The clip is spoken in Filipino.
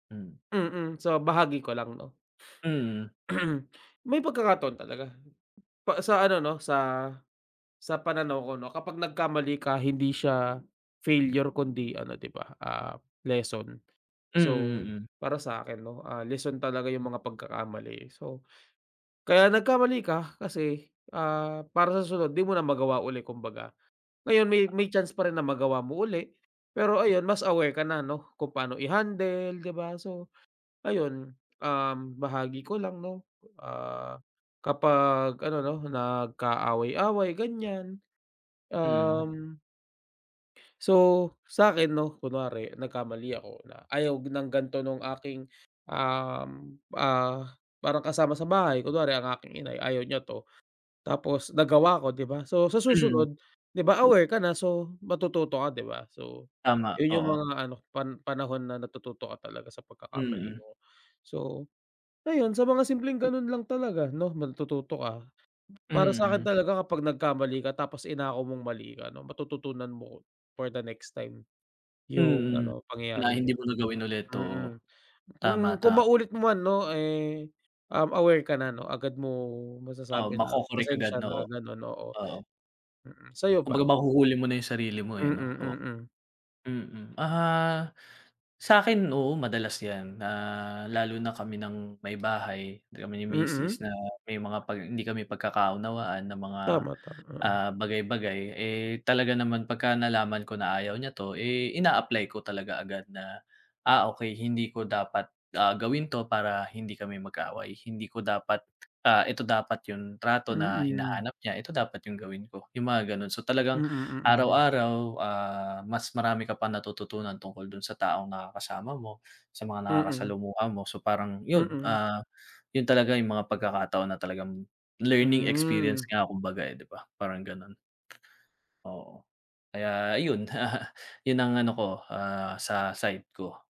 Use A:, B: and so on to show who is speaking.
A: Hmm.
B: Mm, so bahagi ko lang no.
A: Mm.
B: May pagkakataon talaga pa sa ano no, sa sa pananaw ko no, kapag nagkamali ka hindi siya failure kundi ano di ba, ah, lesson.
A: Mm,
B: So,
A: mm.
B: para sakin no, ah, lesson talaga yung mga pagkakamali so, kaya nagkamali ka kasi, ah, para sa susunod di mo na magawa uli kumbaga. Ngayon may may chance pa rin na magawa mo uli, pero ayun, mas aware ka na ano, kung paano i-handle, di ba? So ayun, um, bahagi ko lang no, ah, kapag ano no nag-kaaway-away ganyan,
A: Mm.
B: um So sakin no kunwari nagkamali ako na ayaw ng ganito nung aking, um, ah, parang kasama sa bahay kunwari ang aking inay ayaw niya to. Tapos nagawa ko di ba? So sa
A: Hmm.
B: susunod di ba aware ka na so matututo ka di ba so,
A: Tama,
B: yun yung
A: oo.
B: mga ano pan panahon na natututo ka talaga sa pagkakamali
A: Mm.
B: mo. So, ayun sa mga simpleng ganun lang talaga no matututo ka. Para sakin
A: Mm.
B: talaga kapag nagkamali ka tapos inako mong mali ka no matututunan mo, for the next time. Yung
A: Mm,
B: ano,
A: na
B: pangyayaring
A: hindi
B: yun.
A: mo na gawin ulit,
B: Mm,
A: oo.
B: kung
A: Tama,
B: kung
A: tama.
B: maulit mo man ano eh, um, aware ka na ano agad mong
A: Oo
B: masasabi na
A: mako-correct agad
B: pasensya
A: no
B: na
A: o?
B: ganun oo.
A: Oo.
B: Mm, sayo ba?
A: Kumbaga mahuhuli mo na yung sarili mo
B: Mm,
A: eh no? O
B: mm.
A: mm, ah, sakin oo madalas yan na lalo na kami ng may bahay, kami ni misis
B: Mm.
A: na may mga pag hindi kami pagkakaunawaan na mga,
B: Tama, tama.
A: ah, bagay-bagay eh talaga naman pagka-nalaman ko na ayaw niya to eh ina-apply ko talaga agad na. Ah, okey hindi ko dapat, ah, gawin to para hindi kami mag-away, hindi ko dapat, ah eto dapat yun trato na
B: Mm.
A: hinahanap niya, ito dapat yung gawin ko, yung mga ganun. So talagang,
B: Mm, mm.
A: araw-araw, ah, mas marami ka pa natututunan tungkol dun sa taong nakakasama mo, sa mga
B: Mm.
A: nakakasalamuha mo so parang yun,
B: Mm.
A: ah, yun talaga yung mga pagkakataon na talagang learning experience
B: Hmm.
A: nga kumbaga eh di ba? Parang ganun. Oo. Kaya ayun yun ang ano ko, ah, sa side ko.